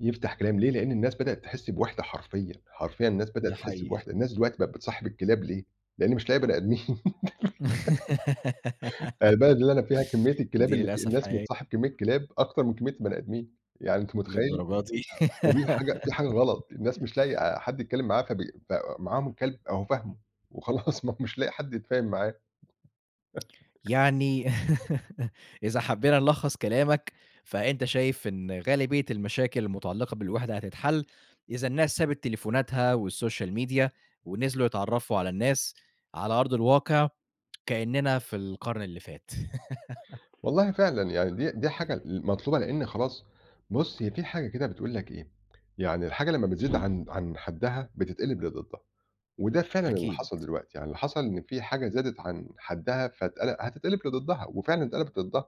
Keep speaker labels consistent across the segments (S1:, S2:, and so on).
S1: يفتح كلام ليه؟ لإن الناس بدأت تحس بوِحدة حرفيًا، حرفيًا الناس بدأت
S2: ده
S1: تحس
S2: حقيقي.
S1: بوِحدة. الناس دلوقتي بقت بتصاحب الكلاب ليه؟ لإن مش لاقية بَني آدمين. يعني البلد اللي أنا فيها كمّية الكلاب
S2: دي
S1: اللي في
S2: للأسف
S1: الناس
S2: حقيقية.
S1: بتصاحب كمّية كلاب، أكتر من كمّية البَني آدمين. يعني أنت متخيِّل؟
S2: للدرجة دي!
S1: فدي الحاجة في حاجة غلط الناس مش لاقية آآ حد يتكلم معاها فبي ف معاهم كلب أهو فاهمه، وخلاص ما هو مش لا قي حد يتفاهم معاه.
S2: يعني إذا حبّينا نلخّص كلامك، فأنت شايف إن غالبية المشاكل المتعلقة بالوِحدة هتتحل إذا الناس سابت تليفوناتها والsocial media ونزلوا يتعرّفوا على الناس على أرض الواقع كإنّنا في القرن اللي فات.
S1: والله فعلًا يعني دي دي حاجة ال المطلوبة لإن خلاص، بُص هي في حاجة كده بتقول لك إيه، يعني الحاجة لمّا بتزيد عن عن حدّها بتتقلب لضدّها، وده فعلًا اللي
S2: أكيد.
S1: حصل دلوقتي. يعني اللي حصل إن في حاجة زادت عن حدّها فتقل هتتقلب لضدّها وفعلًا اتقلبت ضدّها.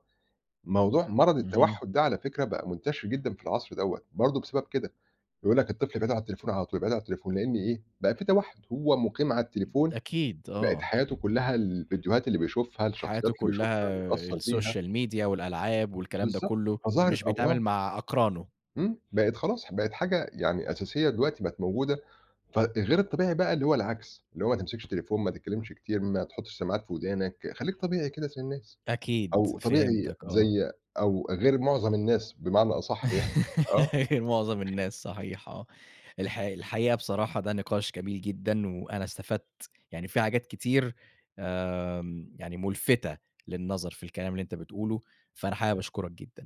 S1: موضوع مرض
S2: اهم.
S1: التوحّد ده على فكرة بقى منتشر جدًا في العصر دَوّة برضه بسبب كده. ويقول لك الطفل ده قاعد على التليفون على طول بيبقى قاعد على التليفون؛ لإن إيه بقى في توحّد هو مُقيم على التليفون؛
S2: أكيد،
S1: بقت
S2: آه.
S1: حياته كلّها الفيديوهات اللي بيشوفها الشخصيات
S2: حياته
S1: اللي بيشوفها
S2: كلّها
S1: متأثّر بيها.
S2: الsocial media والألعاب والكلام ده
S1: بالضبط.
S2: كلّه،
S1: فظهرت
S2: مش
S1: أمراض.
S2: بيتعامل مع أقرانه.
S1: إمم بقت خلاص ح بقت حاجة يعني أساسية دلوقتي بقت موجودة ف غير الطبيعي بقى اللي هو العكس، اللي هو ما تمسكش التليفون، ما تتكلّمش كتير، ما تحطّش سماعات في ودانك، خلّيك طبيعي كده زي الناس،
S2: أكيد،
S1: أو طبيعي
S2: فهمتك آه.
S1: زي أو غير مُعظم الناس بمعنى أصح يعني. آه.
S2: غير مُعظم الناس صحيح آه. الحقي الحقيقة بصراحة ده نقاش جميل جدًا وأنا استفدت، يعني في حاجات كتير آمم يعني مُلفتة للنظر في الكلام اللي أنت بتقوله فأنا حابب أشكرك جدًا.